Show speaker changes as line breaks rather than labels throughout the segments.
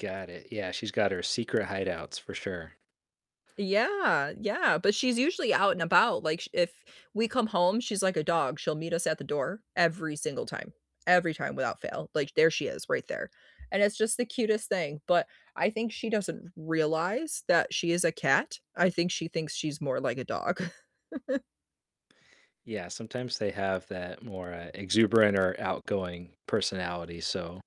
Got it. Yeah, she's got her secret hideouts for sure.
Yeah, yeah, but she's usually out and about. Like, sh if we come home, she's like a dog, she'll meet us at the door every single time, every time without fail. Like, there she is right there, and it's just the cutest thing, but I think she doesn't realize that she is a cat. I think she thinks she's more like a dog.
Yeah, sometimes they have that more, uh, exuberant or outgoing personality, so,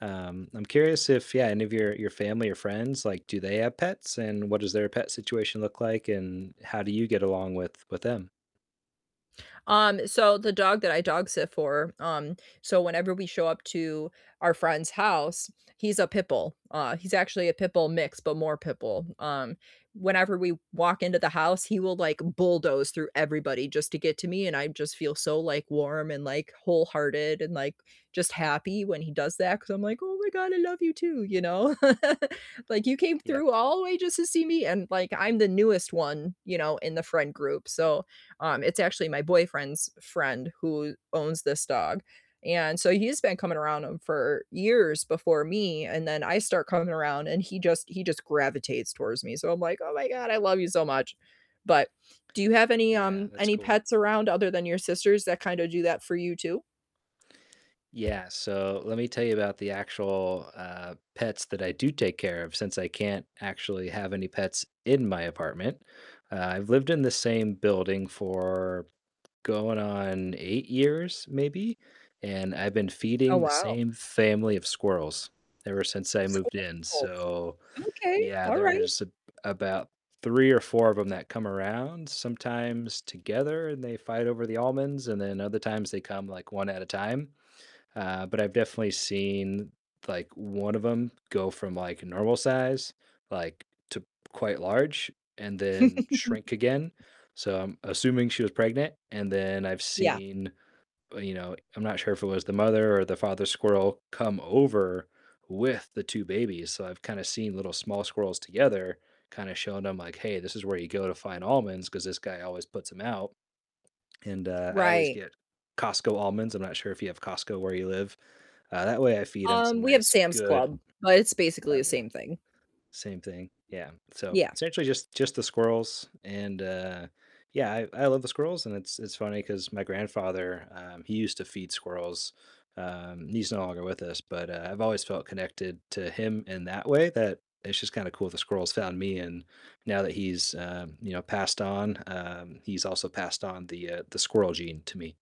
um, I'm curious if yeah, any of your your family or friends, like, do they have pets, and what does their pet situation look like, and how do you get along with with them?
Um, so the dog that I dog-sit for, um, so whenever we show up to our friend's house he's a pit bull, uh, he's actually a pit bull mix, but more pit bull, um, whenever we walk into the house, he will, like, bulldoze through everybody just to get to me, and I just feel so, like, warm and, like, wholehearted and, like, just happy when he does that 'cause I'm like, "Oh my god, I love you too," you know? Like, "You came
Yep.
through all the way just to see me?" And, like, I'm the newest one, you know, in the friend group, so, um, it's actually my boyfriend's friend who owns this dog, and so he's been coming around him for years before me, and then I start coming around and he just he just gravitates towards me. So I'm like, "Oh my god, I love you so much." But do you have any,
Yeah,
um
that's
any
cool.
pets around other than your sister's that kinda do that for you too?
Yeah, so let me tell you about the actual, uh, pets that I do take care of since I can't actually have any pets in my apartment. Uh, I've lived in the same building for going on 8 years maybe? And I've been
Oh,
feeding the
wow.
same family of squirrels ever since I moved in.
Squirrels.
So
Okay,
yeah,
alright.
there's a about 3 or 4 of 'em that come around, sometimes together and they fight over the almonds, and then other times they come, like, 1 at a time. Uh, but I've definitely seen, like, 1 of 'em go from, like, normal size, like, to quite large and then shrink again, so I'm assuming she was pregnant, and then I've
Yeah.
seen b you know, I'm not sure if it was the mother or the father squirrel come over with the 2 babies. So I've kinda seen little small squirrels together kind of showing them, like, "Hey, this is where you go to find almonds 'cause this guy always puts 'em out." And, uh, I always
Right.
get Costco almonds, I'm not sure if you have Costco where you live, uh, that way I feed 'em some
Um, we have
nice
Sam's
good
Club, but it's basically the
Okay,
same thing.
same thing. Yeah, so
Yeah.
essentially just just the squirrels, and, uh yeah, I I love the squirrels, and it's it's funny 'cause my grandfather, um, he used to feed squirrels, um, he's no longer with us, but, uh, I've always felt connected to him in that way that it's just kinda cool the squirrels found me, and now that he's, um, you know, passed on, um, he's also passed on the, uh the squirrel gene to me.